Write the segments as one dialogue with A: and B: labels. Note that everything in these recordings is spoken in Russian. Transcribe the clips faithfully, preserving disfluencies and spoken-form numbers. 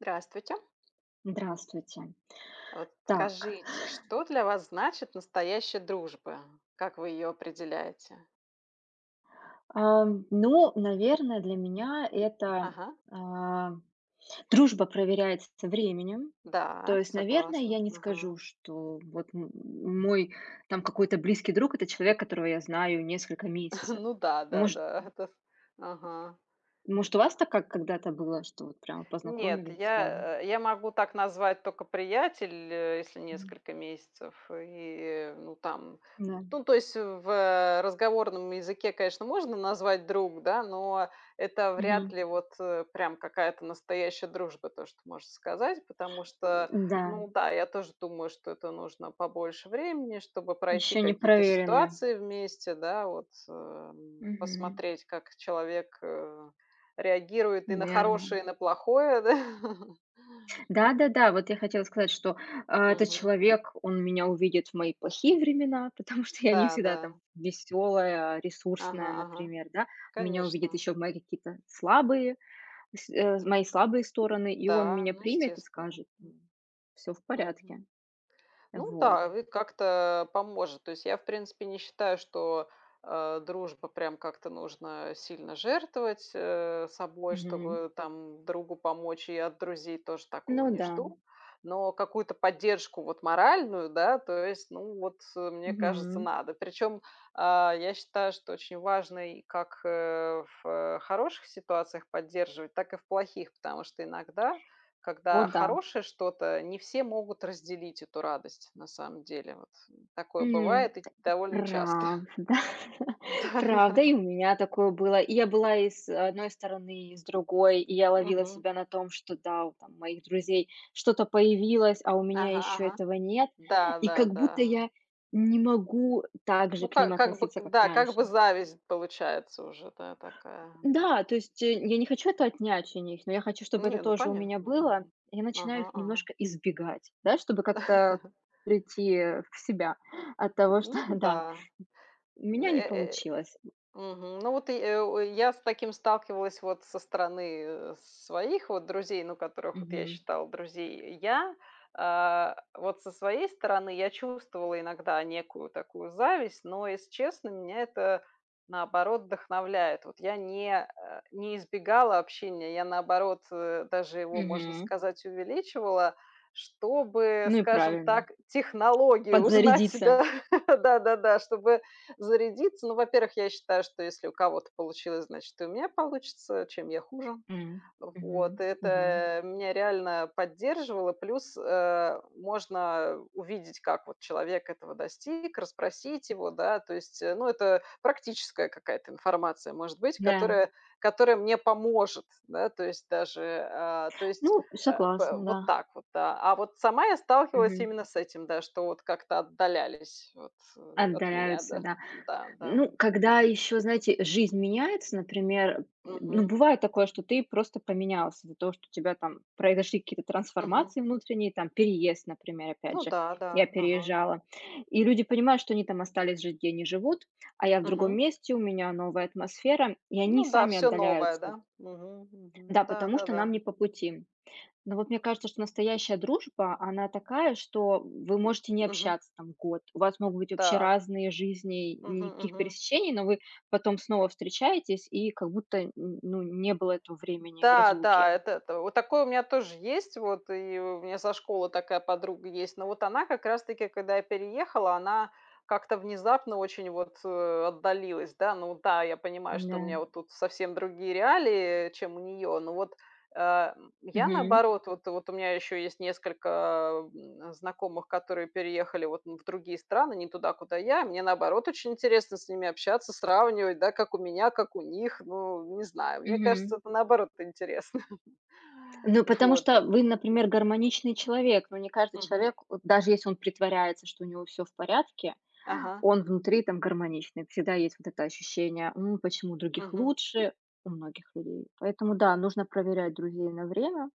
A: Здравствуйте!
B: Здравствуйте!
A: А вот
B: Так.
A: скажите, что для вас значит настоящая дружба? Как вы её определяете?
B: Ам, ну, наверное, для меня это,
A: Ага.
B: а, дружба проверяется временем. То
A: Да,
B: есть, наверное,
A: согласна.
B: я не
A: Ага.
B: скажу, что вот м мой там какой-то близкий друг- это человек, которого я знаю несколько месяцев.
A: Ну да да
B: Может
A: да. Это с Ага.
B: может, у вас так, как когда-то было, что вот прямо
A: Нет,
B: познакомились сразу?
A: я, э я могу так назвать только приятеля, если
B: М.
A: несколько месяцев и, ну, там.
B: М-да.
A: Ну, то есть в, э, разговорном языке, конечно, можно назвать "друг", да, но это вряд
B: Мгм.
A: ли вот, э, прям какая-то настоящая дружба, то, что можно сказать, потому что,
B: М-да.
A: ну да, я тоже думаю, что это нужно побольше времени, чтобы пройти
B: Ещё
A: какие-то
B: непроверенная.
A: ситуации вместе, да, вот, эм,
B: Мгм.
A: посмотреть, как человек, э, реагирует и на
B: Верно.
A: хорошее, и на плохое, да.
B: Да-да-да, вот я хотела сказать, что, а, этот
A: Мгм.
B: человек, он меня увидит в мои плохие времена, потому что я не
A: Да,
B: всегда, там,
A: да.
B: весёлая,
A: Ага,
B: ресурсная,
A: ага,
B: например, да. Меня увидит
A: конечно.
B: ещё в мои какие-то слабые с э з мои слабые стороны, и он
A: Да,
B: меня
A: ну,
B: примет и
A: естественно,
B: скажет:
A: м.
B: "Ну, всё в
A: Мгм.
B: порядке". Э,
A: Ну
B: вот.
A: да, ну и как-то, а, поможет, то есть, я, в принципе, не считаю, что, а, дружба, прям как-то нужно сильно жертвовать, э, собой,
B: Мгм.
A: чтобы там другу помочь и от друзей тоже такого
B: Ну
A: не
B: да.
A: жду. Но какую-то поддержку, вот, моральную, да, то есть, ну, вот, э, мне кажется,
B: Мгм.
A: надо. Причём, а, я считаю, что очень важный как, э, в хороших ситуациях поддерживать, так и в плохих, потому что иногда,
B: О
A: когда
B: да.
A: хорошее что-то, не все могут разделить эту радость. На самом деле, вот, э, такое
B: М,
A: бывает и довольно часто.
B: правда правда,
A: Да-да.
B: и у меня такое было, и я была и с а с одной стороны, и с другой, и я ловила
A: Мгм.
B: себя на том, что да, вот там у моих друзей что-то появилось, а у меня
A: Ага,
B: ещё
A: ага.
B: этого нет,
A: Да,
B: и
A: да,
B: как будто
A: да.
B: я не могу, э, так же
A: Ну,
B: к ним
A: как как бы
B: относиться,
A: к
B: как
A: да, как
B: раньше.
A: бы зависть получается уже, да, такая.
B: Да, то есть, э, я не хочу это отнять у них, но я хочу, чтобы это
A: Не, ну,
B: тоже у меня
A: понятно. Ага.
B: было, и я начинаю
A: Ага.
B: их
A: Ага.
B: немножко избегать, да, чтобы как-то прийти, э, в себя от
A: М,
B: того, что,
A: ну
B: да,
A: да.
B: у
A: Н,
B: меня
A: э,
B: не
A: э
B: получилось.
A: Мгм. Ну вот и, э, у, я с таким сталкивалась, вот, со стороны, э, с своих вот друзей, ну которых, вот, я
B: Мгм.
A: считала друзей, я, а, вот, со своей стороны я чувствовала иногда некую такую зависть, но, если честно, меня это наоборот вдохновляет. Вот я не а, не избегала общения, я наоборот, э, даже его, можно
B: Мгм.
A: сказать, увеличивала, чтобы,
B: Ну и
A: скажем
B: правильно.
A: так, технологию узнать.
B: Подзарядиться.
A: Да, да-да-да, чтобы зарядиться. Ну, во-первых, я считаю, что если у кого-то получилось, значит, и у меня получится. Чем я хуже?
B: М, мгм,
A: Вот, и
B: мгм.
A: это меня реально поддерживало. Плюс, э, можно, э, увидеть, как, вот, человек этого достиг, расспросить его, да. То есть, э, ну это практическая какая-то информация может быть,
B: Да.
A: которая которая мне поможет, да. То есть даже, а, то есть,
B: Ну,
A: а, пэ
B: согласна, да.
A: вот так вот, да. А вот сама я сталкивалась
B: Мгм.
A: именно с этим, да, что вот как-то отдалялись, вот, э, от меня,
B: Отдаляются,
A: да,
B: да.
A: да, да,
B: Ну,
A: м.
B: когда
A: Мгм.
B: ещё, знаете, э, жизнь меняется, например, м, м, ну,
A: Мгм.
B: бывает такое, что ты просто поменялся из-за того, что у тебя там произошли какие-то
A: Мгм.
B: трансформации внутренние, там, переезд, например, опять
A: Ну
B: же,
A: да,
B: я
A: да. Ага.
B: переезжала. И люди понимают, что они там остались жить, где они живут, а я в другом
A: Мгм.
B: месте, у меня новая атмосфера, и они
A: Ну да,
B: сами
A: всё новое,
B: отдаляются.
A: да. Мгм.
B: Да,
A: Мгм.
B: потому что нам
A: Да-да-да.
B: не по пути. Но вот мне кажется, что настоящая дружба она такая, что, м, вы можете не
A: Мгм.
B: общаться там год, у вас могут быть вообще
A: Да.
B: разные жизни, и
A: Мгм.
B: никаких
A: Мгм.
B: пересечений, но вы потом снова встречаетесь и как будто н н ну не было этого времени в разлуке.
A: Да-да, это это вот такое у меня тоже есть, вот, и у меня со школы такая подруга есть, но вот она как раз таки, когда я переехала, она как-то внезапно очень, вот, э, отдалилась, да. Ну да, я понимаю, что у
B: Н-да.
A: меня вот тут совсем другие реалии, чем у неё, но вот, э, я,
B: Мгм.
A: наоборот, вот вот у меня ещё есть несколько, м, знакомых, которые переехали, вот, ну в другие страны, не туда, куда я. Мне, наоборот, очень интересно с ними общаться, сравнивать, да, как у меня, как у них. Ну, не знаю, мне
B: Мгм.
A: кажется, это, наоборот, интересно.
B: Ну, потому
A: Вот.
B: что, э, вы, например, гармоничный человек, но не каждый
A: Мгм.
B: человек, вот даже если он притворяется, что у него всё в порядке,
A: Ага.
B: он внутри там гармоничный, всегда есть вот это ощущение: ну, почему у других
A: Мгм.
B: лучше- у многих людей. Поэтому, да, нужно проверять друзей на время,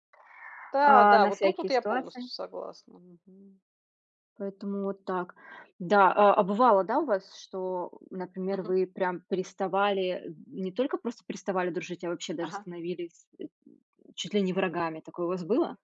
B: а,
A: Да-да,
B: на
A: вот тут вот
B: всякие
A: я
B: ситуации.
A: полностью согласна. Мгм.
B: Поэтому вот так. Да, а а бывало, да, у вас, что, например,
A: Мгм.
B: вы прям переставали, эм, не только просто переставали дружить, а вообще даже
A: Ага.
B: становились, э, чуть ли не врагами, такое у вас было?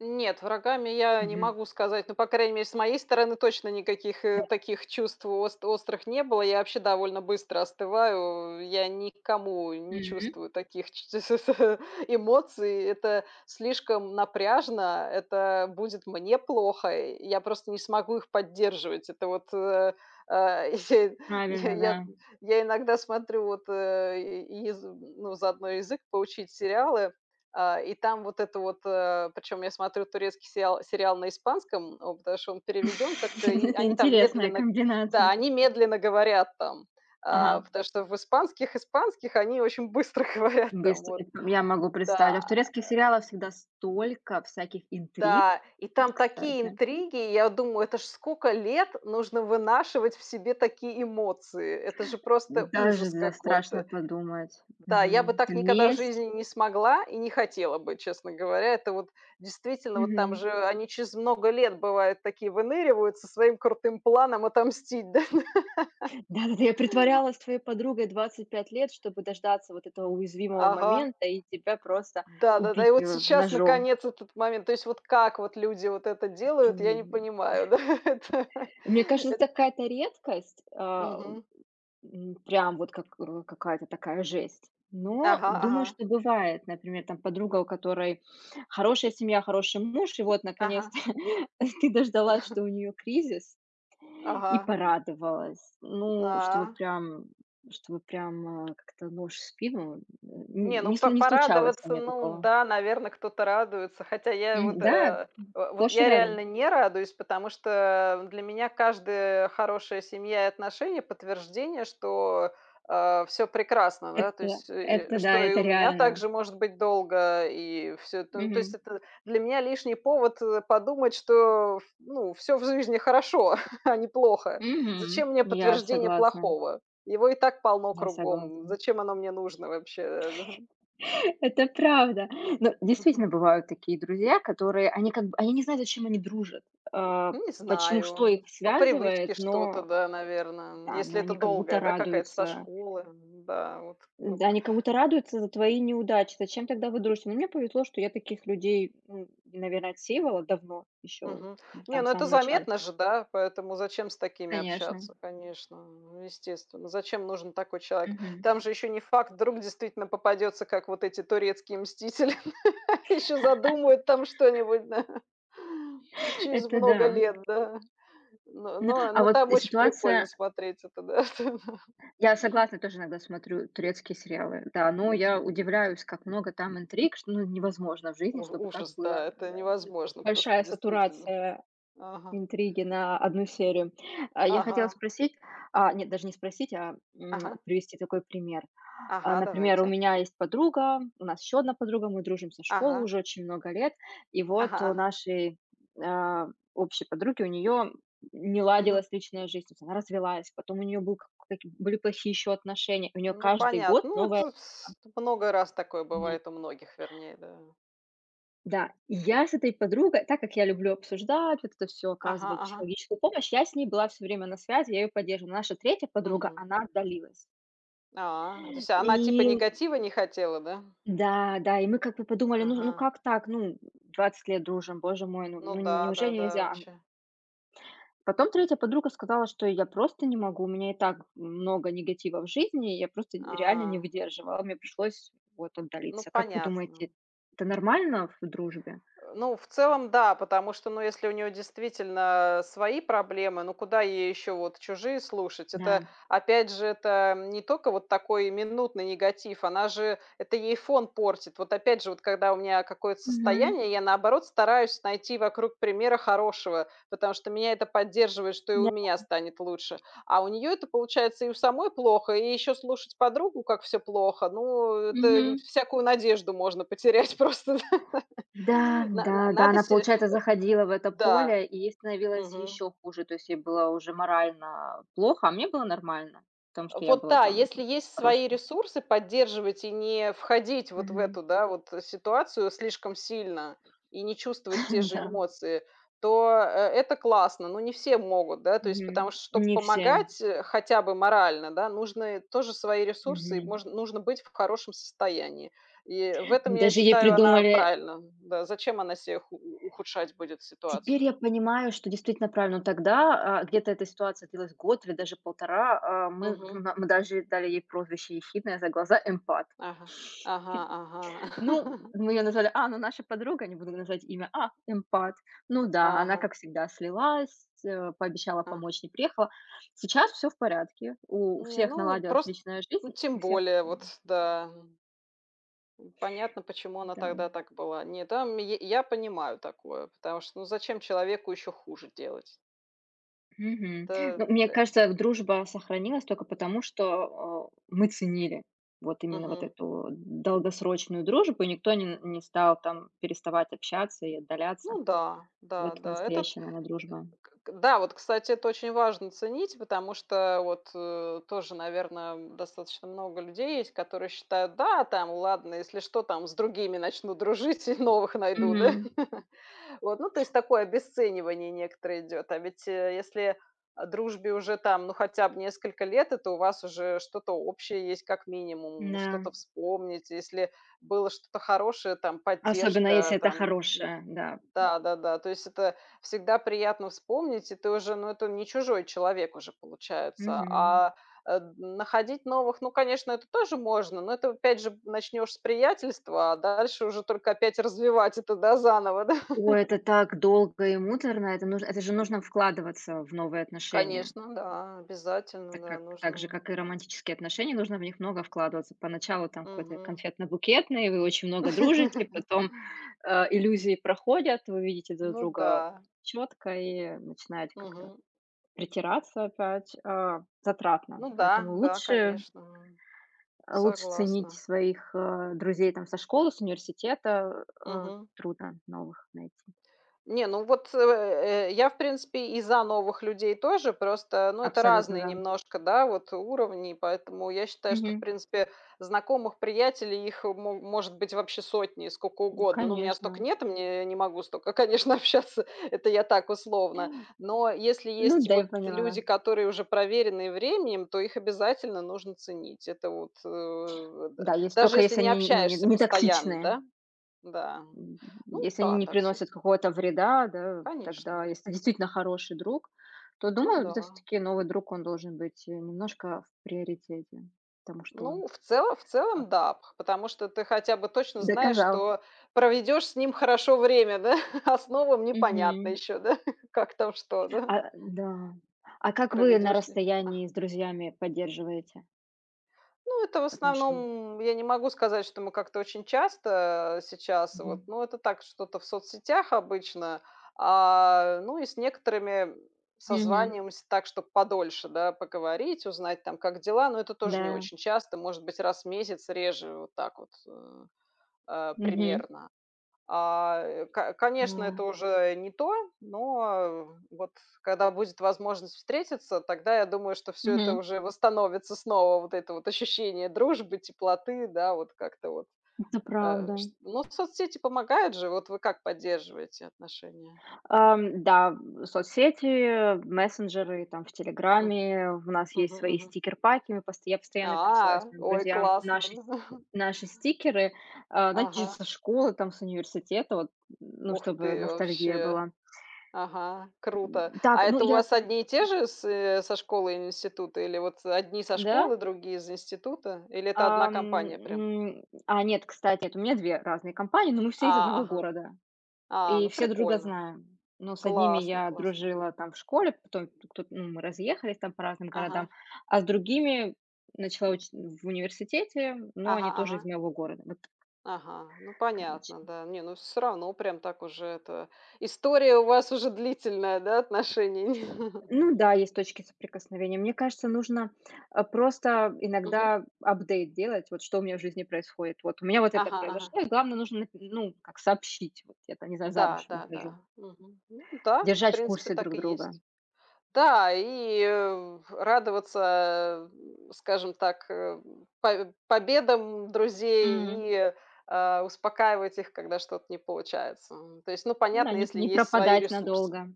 A: Нет, врагами я не
B: Мгм.
A: могу сказать, но, по крайней мере, с моей стороны точно никаких,
B: Да.
A: э, таких чувств ост острых не было. Я вообще довольно быстро остываю, я ни к кому не
B: М.
A: чувствую таких ч ч с с эмоций, это слишком напряжно, это будет мне плохо, и я просто не смогу их поддерживать. Это вот, э, а я
B: Правильно,
A: я
B: да.
A: я иногда смотрю, вот, э, й ез ну, заодно язык поучить, сериалы, а, и там вот это вот, э. Причём я смотрю турецкий сериал сериал на испанском. О, потому что он переведён как-то, и
B: Это
A: они там
B: интересная
A: медленно да,
B: комбинация.
A: они медленно говорят там, а,
B: Ага.
A: потому что в испанских испанских они очень быстро говорят там.
B: Быстро,
A: Вот,
B: это я могу представить.
A: да,
B: А в
A: э.
B: турецких сериалах всегда столько всяких интриг,
A: Да и
B: м,
A: там такие
B: кстати.
A: интриги, и я думаю, это ж скока лет нужно вынашивать в себе такие эмоции! Это же просто
B: Даже
A: ужас
B: за страшно
A: какой-то!
B: подумать,
A: Да, я бы
B: мгм. Это
A: так никогда в
B: месть.
A: жизни не смогла и не хотела бы, честно говоря. Это вот действительно вот, там
B: Мгм.
A: же они через много лет, бывает, такие выныривают со своим крутым планом отомстить, да.
B: Да-да-да. Я притворялась твоей подругой двадцать пять лет, чтобы дождаться вот этого уязвимого
A: Ага.
B: момента и тебя просто
A: Да-да-да.
B: убить,
A: И вот
B: э,
A: сейчас,
B: ножом.
A: наконец, этот момент. То есть вот как вот люди вот это
B: Это
A: делают, я
B: ню
A: не
B: ни.
A: понимаю, да, это.
B: Мне кажется,
A: Эт
B: какая-то редкость, а в
A: Мгм.
B: м прям вот как, э, какая-то такая жесть, но
A: Ага
B: думаю,
A: ага.
B: что бывает, например, там подруга, у которой хорошая семья, хороший муж, и вот
A: Ага.
B: наконец-то ты дождалась, что у неё кризис, и
A: Ага, м.
B: порадовалась. Ну, чтобы
A: А.
B: прям, чтобы прям, э, как-то нож в спину,
A: Не,
B: н
A: ну,
B: не слы
A: поп
B: не случалось у
A: порадоваться,
B: меня
A: ну
B: такого.
A: да, наверно, кто-то радуется. Хотя я вот,
B: Мгм, да,
A: э, в вот
B: сплошь и
A: я
B: рядом.
A: реально не радуюсь, потому что, э, в для меня каждая, э, хорошая семья и отношения- подтверждение, что, э, всё прекрасно, да, то
B: Это
A: есть, э,
B: это
A: э,
B: да,
A: что и
B: это
A: у меня
B: реально.
A: также может быть долго, и всё это. Ну, то есть,
B: Мгм.
A: это для меня лишний повод, э, подумать, что, ф ну, всё в жизни хорошо, а не плохо.
B: Мгм,
A: Зачем мне
B: я
A: подтверждение
B: согласна.
A: плохого? Его и так полно
B: Я
A: кругом.
B: согласна.
A: Зачем оно мне нужно вообще, э, да?
B: Это правда. Ну,
A: Мгм.
B: действительно бывают такие друзья, которые они, как бы, они не знают, зачем они дружат. А
A: Ну, не
B: почему что их
A: знаю, по
B: связывает,
A: привычке что-то,
B: но, э,
A: да, наверно, м,
B: да.
A: если
B: Но
A: это
B: они как
A: долгая,
B: будто
A: да, какая-то со
B: радуются.
A: школы, м-да, вот
B: Да,
A: как.
B: они как будто радуются за твои неудачи, зачем тогда вы дружите? Но мне повезло, что я таких людей, м, наверно, отсеивала давно, ещё,
A: Мгм,
B: м,
A: не,
B: там в
A: ну, это
B: самом начале.
A: заметно же, да, поэтому зачем с такими
B: Конечно.
A: общаться, конечно, э, естественно. Зачем нужен такой человек?
B: Мгм.
A: Там же ещё не факт, вдруг действительно попадётся как вот эти турецкие мстители, ещё задумают там что-нибудь, да. Через
B: Это
A: много
B: да.
A: лет, да, но
B: Н а
A: но
B: а,
A: но
B: вот,
A: там
B: э,
A: очень прикольно
B: ситуация.
A: смотреть это, да, это, да.
B: Я согласна, тоже иногда смотрю турецкие сериалы, да. Но я удивляюсь, как много там интриг, что, ну, невозможно в жизни,
A: О, ф
B: чтобы так
A: ужас,
B: было,
A: да, это
B: да д
A: невозможно просто
B: Большая
A: действительно,
B: сатурация
A: ага.
B: интриги на одну серию. А, я хотела
A: Ага.
B: спросить, а, нет, даже не спросить, а, м,
A: Ага.
B: привести такой пример. А,
A: Ага,
B: например, у
A: давайте.
B: меня есть подруга, у нас еще одна подруга, мы дружим со школы
A: Ага.
B: уже очень много лет, и вот
A: Ага
B: у
A: ага.
B: нашей, а, общей подруги, у нее не
A: Мгм.
B: ладилась личная жизнь. То есть она развелась, потом у нее был как к каки были плохие еще отношения, и у нее
A: Ну,
B: каждый год
A: понятно, ну, вот
B: новая
A: тут
B: эха.
A: с тут много раз такое
B: Нет.
A: бывает у многих, вернее, да.
B: Да, я с этой подругой, так как я люблю обсуждать, вот это всё,
A: Ага
B: оказывать
A: ага.
B: человеческую помощь, я с ней была всё время на связи, я её поддерживала. Но наша третья подруга,
A: Мгм.
B: она отдалилась.
A: А, то есть она, типа,
B: И.
A: негатива не хотела, да?
B: Да-да, и мы, как бы, подумали: "Ну ну,
A: Ага.
B: как так?" Ну, м двадцать лет дружим, боже мой, ну,
A: Ну
B: нь
A: да, да
B: неужели
A: да,
B: нельзя, ам
A: вообще.
B: Потом третья подруга сказала: "Я просто не могу, у меня и так много негатива в жизни, я просто реально не
A: А.
B: выдерживала, мне пришлось вот
A: Ну,
B: отдалиться". Как вы думаете,
A: понятно.
B: это нормально в дружбе?
A: Э, ну, в целом, да. Потому что, ну, если у неё действительно, э, свои проблемы, ну, куда ей ещё вот чужие слушать? Это,
B: Да.
A: опять же, это, м, не тока вот такой минутный негатив, она же это ей фон портит. Вот, опять же, вот когда у меня, э, какое-то
B: Мгм.
A: состояние, я наоборот стараюсь найти вокруг примера хорошего, потому что меня это поддерживает, что и у
B: Да,
A: меня
B: м.
A: станет лучше. А у неё это получается: и у самой плохо, и ещё слушать подругу, как всё плохо. Ну, это, нь
B: Мгм.
A: всякую надежду можно потерять просто, да.
B: Да,
A: На на
B: да, да,
A: надо
B: она,
A: се э,
B: получается, заходила в это
A: да,
B: поле, и ей становилось
A: мгм.
B: ещё хуже, то есть ей было уже морально плохо, а мне было нормально в том, что я
A: Вот,
B: была
A: да,
B: там
A: если есть свои
B: хорошей.
A: ресурсы поддерживать и не входить вот в
B: Мгм.
A: эту, да, вот, ситуацию слишком сильно и не чувствовать те же
B: Н-да.
A: эмоции, то, э, это классно, но не все могут, да. То есть потому
B: Мгм,
A: что, чтоб
B: не все.
A: помогать, э, хотя бы морально, да, нужны тоже свои ресурсы, и
B: Мгм.
A: можно нужно быть в хорошем состоянии. И в этом,
B: Мы
A: я
B: даже ей
A: считаю, она
B: придумали, э
A: правильно. Да, зачем она се ху у у ухудшать будет
B: Теперь я
A: ситуацию?
B: понимаю, что действительно правильно, но тогда, а, где-то эта ситуация длилась год или даже полтора, э, мы в
A: Мгм.
B: на мы даже ей дали ей прозвище ехидное за глаза- эмпат.
A: Ага. Ага
B: Ну,
A: ага.
B: мы её назвали, а, ну наша подруга, не буду называть имя, а, эмпат. Ну да, она
A: Ага.
B: как всегда слилась э, пообещала
A: Аг
B: помочь, не приехала. Сейчас всё в порядке, у у
A: Не,
B: всех
A: ну,
B: наладилась
A: прост
B: личная
A: ну
B: жизнь
A: тем
B: и всех
A: более,
B: нам.
A: вот да. М, понятно, почему она
B: Да,
A: тогда
B: м.
A: так была. Нет, там й я понимаю такое, потому что, ну, зачем человеку ещё хуже делать?
B: Мгм.
A: Это
B: Ну, мне
A: пэ
B: кажется, в дружба сохранилась тока потому, что, а, мы ценили. Вот именно вот
A: Мгм.
B: эту долгосрочную дружбу, никто ни н не стал там переставать общаться и отдаляться.
A: Ну да, да,
B: Вот
A: да, этот э
B: настоящая, наверно, дружба.
A: к Да, вот, кстати, это очень важно- ценить. Потому что вот, э, тоже, наверно, м, достаточно много людей есть, которые считают: "Да, там, ладно, если что, там с другими начну дружить и новых найду, да".
B: Мгм.
A: Вот, ну, то есть, такое обесценивание некоторое идёт. А ведь, э, если, а, дружбе уже там, ну, хотя б несколько лет, это у вас уже что-то общее есть, как минимум,
B: М-да.
A: что-то вспомнить. Если было что-то хорошее, там
B: Особенно, если
A: поддержка
B: это
A: там, ну
B: хорошая, да.
A: Да-да-да, то есть это всегда приятно вспомнить, и ты уже, ну, это не чужой человек уже получается.
B: Мгм.
A: А д находить новых, ну, конечно, это тоже можно, но это опять же начнёшь с приятельства, а дальше уже только опять развивать это, да, заново, да.
B: Ой, это так долго и муторно, это нуж это же нужно вкладываться в новые отношения.
A: Конечно, да,
B: Так,
A: обязательно,
B: а
A: да,
B: к так же,
A: нужно.
B: как и романтические отношения, нужно в них много вкладываться. Поначалу там какой-то и
A: Мгм.
B: конфетно-букетный, вы очень много дружите, потом, а, иллюзии проходят, вы видите друг
A: Ну
B: друга
A: да.
B: чётко и начинаете как-то
A: Мгм.
B: притираться. Опять, а, затратно,
A: Ну да,
B: поэтому
A: да
B: лучше
A: конечно,
B: А лучше ценить
A: согласна.
B: своих, э, друзей там со школы, с университета, э, а,
A: Мгм.
B: трудно новых найти.
A: Не, ну вот, э, э, я, в принципе, и за новых людей тоже, просто, ну, это
B: Абсолютно,
A: разные
B: да.
A: немножко, да, вот уровни, и поэтому я считаю, что, в
B: Мгм.
A: принципе, знакомых, приятелей их мо может быть вообще сотни, скока
B: М,
A: угодно. Но у меня стока
B: конечно.
A: нет, мне, э, я не могу стока, конечно, общаться. Это я так условно,
B: О.
A: но если
B: Ну
A: есть
B: да,
A: вот
B: я поняла, да.
A: люди, которые уже проверенные временем, то их обязательно нужно ценить. Это вот, э, да,
B: Да, ес
A: даже
B: тока
A: если
B: если
A: не
B: они нь ну, не
A: общаешься
B: не
A: постоянно,
B: токсичные.
A: да. Да.
B: М, м, м,
A: Ну
B: если они
A: да,
B: не
A: так сес
B: приносят какого-то вреда, да, тогда,
A: Конечно.
B: если действительно хороший друг, то
A: Ну
B: думаю, да, то
A: да.
B: всё-таки новый друг, он должен быть, э, немножко в приоритете, потому что он
A: Ну, в цело в
B: как
A: целом, да. Пх потому что ты хотя бы точно знаешь,
B: Доказал.
A: что проведёшь с ним хорошо время, да. А с новым непонятно
B: Мгм.
A: ещё, да, как там что, да.
B: А, э, да. А как вы на
A: Проведёшь ли? Ага.
B: расстоянии с друзьями поддерживаете
A: Ну, это в
B: отноше
A: основном, я не могу сказать, что мы как-то очень часто, э, сейчас вот,
B: Мгм.
A: ну, это так, что-то в соцсетях обычно. А, ну и с некоторыми
B: Мгм.
A: созваниваемся так, чтоб подольше, да, поговорить, узнать там, как дела. Но это тоже не
B: Да.
A: очень часто, может быть, раз в месяц и реже, вот так вот, э, а,
B: Мгм.
A: примерно. Ай, ка конечно,
B: Да.
A: это уже и не то. Но, э, вот когда будет возможность встретиться, тогда я думаю, что всё это
B: Мгм.
A: уже восстановится снова, вот это вот ощущение дружбы, теплоты. Да, вот как-то вот,
B: Это
A: э,
B: правда.
A: шт ну, соцсети помогают же. Вот вы как поддерживаете отношения?
B: Ам, да, м соцсети, мессенджеры там в
A: Мгм.
B: "Телеграме", у нас
A: Мгм,
B: есть свои
A: мгм.
B: стикерпаки. Мы постоя я постоянно пересылаю
A: А,
B: своим
A: ой,
B: друзьям
A: классно,
B: наши сь
A: ну.
B: наши стикеры, а, знаете, ещё
A: Ага.
B: со школы, там с университета, вот, ну,
A: Ух
B: чтобы
A: ты,
B: ностальгия
A: вообще!
B: была.
A: Ага,
B: М,
A: круто!
B: так,
A: А
B: ну
A: это у
B: я
A: вас одни и те же с э со школы и нь института? Или вот, э, одни со
B: Да?
A: школы, другие из института? Или это одна
B: Ам,
A: компания прям?
B: м, а нет, кстати, это у меня две разные компании, но мы все из
A: А,
B: одного
A: ага.
B: города
A: А,
B: и
A: ну,
B: все друг друга
A: прикольно!
B: знаем. Но с одними
A: Классно
B: я
A: классно!
B: дружила там в школе, потом тук ту ну, мы разъехались там по разным городам.
A: Ага.
B: А с другими начала учить в университете, но
A: Ага
B: они тоже из
A: ага.
B: моего города, вот так.
A: Ага. Ну,
B: Короче.
A: понятно, да. Не, ну, всё равно прям так уже это история у вас уже длительная, да, отношений.
B: Ну да, есть точки соприкосновения. Мне кажется, нужно, а, просто
A: Мгм.
B: иногда апдейт делать, вот что у меня в жизни происходит. Вот у меня вот это
A: Ага ага.
B: произошло, и главное, нужно нап ну, как сообщить: "Вот я там не знаю,
A: Да,
B: замуж
A: да, да,
B: выхожу".
A: мгм, ну да, в
B: Держать в
A: принципе,
B: курсе
A: так
B: друг
A: и
B: друга.
A: есть. Да и, э, радоваться, эм, скажем так, эм, павь победам
B: М.
A: друзей и, э, успокаивать их, когда что-то не получается. М, то есть, ну
B: М-да,
A: понятно,
B: нип
A: если
B: не
A: есть свои
B: пропадать
A: ресурсы.
B: надолго.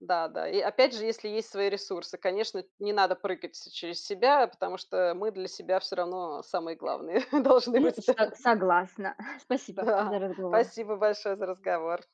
A: Да, да и опять же, если есть свои ресурсы, конечно, эт не надо прыгать через себя, потому что мы для себя всё равно самые главные должны
B: Ну,
A: быть, да.
B: сог согласна, спасибо за
A: Да.
B: разговор.
A: Спасибо большое за разговор.